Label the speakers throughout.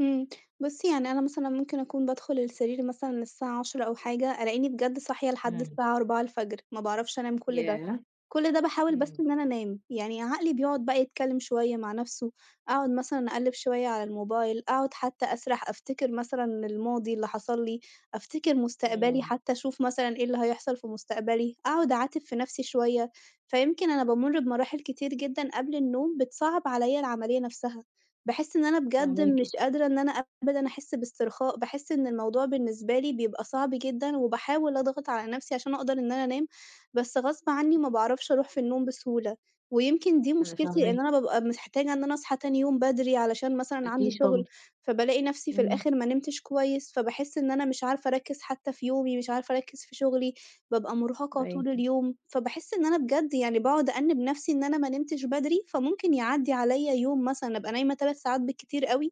Speaker 1: امم، بُصي يعني أنا مثلًا ممكن أكون بادخل السرير مثلًا الساعة 22:00 أو حاجة، ألاقيني بجد صاحية لحد
Speaker 2: إمم.
Speaker 1: الساعة 04:00 ما باعرفش أنام كُلّ ده،
Speaker 2: ياه!
Speaker 1: كُلّ ده باحاول بس
Speaker 2: إمم.
Speaker 1: إن أنا أنام، يعني عقلي بيقعُد بقى يتكلم شوية مع نفسُه، أقعُد مثلًا أقلِّب شوية على الموبايل، أقعُد حتى أسرح، أفتكِّر مثلًا الماضي اللي حصل لي، أفتكِّر مُستقبلي
Speaker 2: إمم.
Speaker 1: حتى أشوف مثلًا إيه اللي هيحصل في مُستقبلي، أقعد أعاتب في نفسي شوية، فيمكن أنا بامُّر بمراحل كتير جدًا قبل النوم، بتصَعَّب عليّا العملية نفسها، باحِسّ إن أنا بجد مش
Speaker 2: فاهماكِ
Speaker 1: قادرة إن أنا أبدًا أحِسّ باسترخاء، باحِسّ إن الموضوع بالنسبة لي بيبقى صعب جدًا، وباحاول أضغط على نفسي عشان أقدر إن أنا أنام، بس غصب عنّي ما باعرفش أروح في النوم بسهولة. ويمكن دي
Speaker 2: أنا
Speaker 1: مشكلتي
Speaker 2: فاهماه.
Speaker 1: إن أنا بابقى محتاجة إن أنا أصحى تاني يوم بدري، علشان مثلًا عندي
Speaker 2: أكيد
Speaker 1: شُغل،
Speaker 2: طبعًا.
Speaker 1: فبالاقي نفسي في
Speaker 2: إمم.
Speaker 1: الآخر ما نمتش كويس، فباحِسّ إن أنا مش عارفة أركِّز حتى في يومي، مش عارفة أركِّز في شُغلي، بابقى مُرهَقة
Speaker 2: معاكِ.
Speaker 1: طول اليوم، فباحِسّ إن أنا بجد يعني باقعد أأنّب نفسي إن أنا ما نمتش بدري، فممكن يعدّي عليّا يوم مثلًا أبقى نايمة 3 ساعات بالكتير أوي،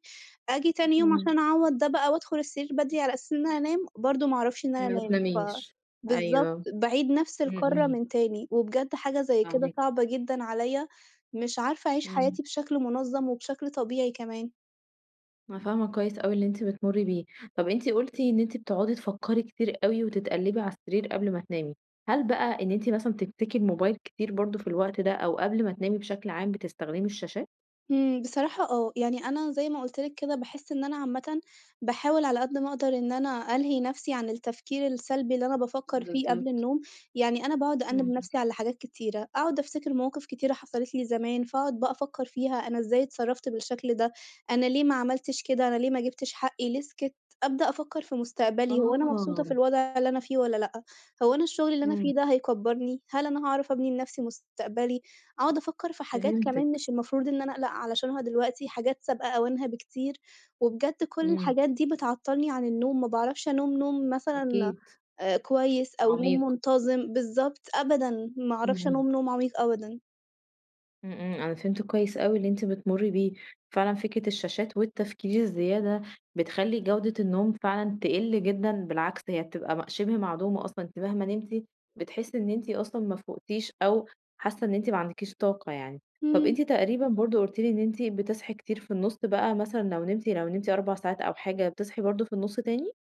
Speaker 1: آجي تاني يوم
Speaker 2: إمم.
Speaker 1: عشان أعوَّض ده بقى وأدخُل السرير بدري على أساس إن أنام، برضه ما أعرفش إن أنا
Speaker 2: ما
Speaker 1: أنام، ف
Speaker 2: تناميش.
Speaker 1: بالضبط،
Speaker 2: أيوه.
Speaker 1: باعيد نفس
Speaker 2: امم،
Speaker 1: الكَرّة
Speaker 2: امم.
Speaker 1: من تاني، وبجد حاجة زي كده
Speaker 2: أوي.
Speaker 1: صعبة جدًا عليّا، مش عارفة أعيش
Speaker 2: إمم.
Speaker 1: حياتي بشكل مُنظّم وبشكل طبيعي كمان.
Speaker 2: أنا فاهمة كويس أوي اللي أنتِ بتمُرِّي بيه، طب أنتِ قُلتِ إن أنتِ بتُقعدي تفَكّري كتير أوي وتِتقلّبي على السرير قبل ما تنامي، هل بقى إن أنتِ مثلًا بتمسكي الموبايل كتير برضه في الوقت ده أو قبل ما تنامي بشكل عام بتستخدمي الشاشات؟
Speaker 1: إمم، بصراحة آه، يعني أنا زي ما قُلت لِك كده باحِسّ إن أنا عامةً باحاول على قد ما أقدِر إن أنا ألهِي نفسي عن التفكير السلبي اللي أنا بافَكّر فيه قبل
Speaker 2: بالضبط.
Speaker 1: النوم، يعني أنا باقعد أأنّب
Speaker 2: اهم.
Speaker 1: نَفسي على حاجات كتيرة، أقعد أفتكر مواقف كتيرة حصلت لي زمان، فأقعد بقى أفكّر فيها أنا إزاي اتصرّفت بالشكل ده، أنا ليه ما عملتش كده، أنا ليه ما جِبِتش حقّي ليه سِكتّ، أبدأ أفكّر في مُستقبلي هو أنا مبسوطة في
Speaker 2: آه.
Speaker 1: الوضع اللي أنا فيه والّا لأ؟ هو أنا الشُّغل اللي أنا
Speaker 2: امم.
Speaker 1: فيه ده هيكَبّرني؟ هل أنا هاعرف أبني لنفسي مُستقبلي، أقعُد أفَكّر في حاجات كمان
Speaker 2: فهمتِك.
Speaker 1: مش المفروض إن أنا أقلق علشانها دلوقتي، حاجات سابقة أوانها بكتير، وبجد كُلّ
Speaker 2: امم.
Speaker 1: الحاجات دي بتعطّلني عن النوم، ما باعرفش أنام نوم مثلًا
Speaker 2: أكيد.
Speaker 1: آآ كويس، أو نوم
Speaker 2: عميق.
Speaker 1: مُنتظم، بالضبط، أبدًا، ما أعرفش
Speaker 2: اهم.
Speaker 1: أنام نوم عميق أبدًا.
Speaker 2: امم امم، أنا فهمت كويس أوي اللي أنتِ بتمُرِّي بيه، فعلًا فكرة الشاشات والتفكير الزيادة بتخلِّي جودة النوم فعلًا تقِلّ جدًا، بالعكس، هي بتبقى مَ شِبه معدومة أصلًا، أنتِ مهما نمتِ بتحِسِّي إن أنتِ أصلًا ما فُقتيش أو حاسّة إن أنتِ ما عندكيش طاقة يعني، طب
Speaker 1: امم.
Speaker 2: أنتِ تقريبًا برضه قُلتِ لي إن أنتِ بتصحي كتير في النُّصّ بقى مثلًا لو نمتِ لو نمتِ 4 ساعات أو حاجة، بتصحي برضه في النُّصّ تاني؟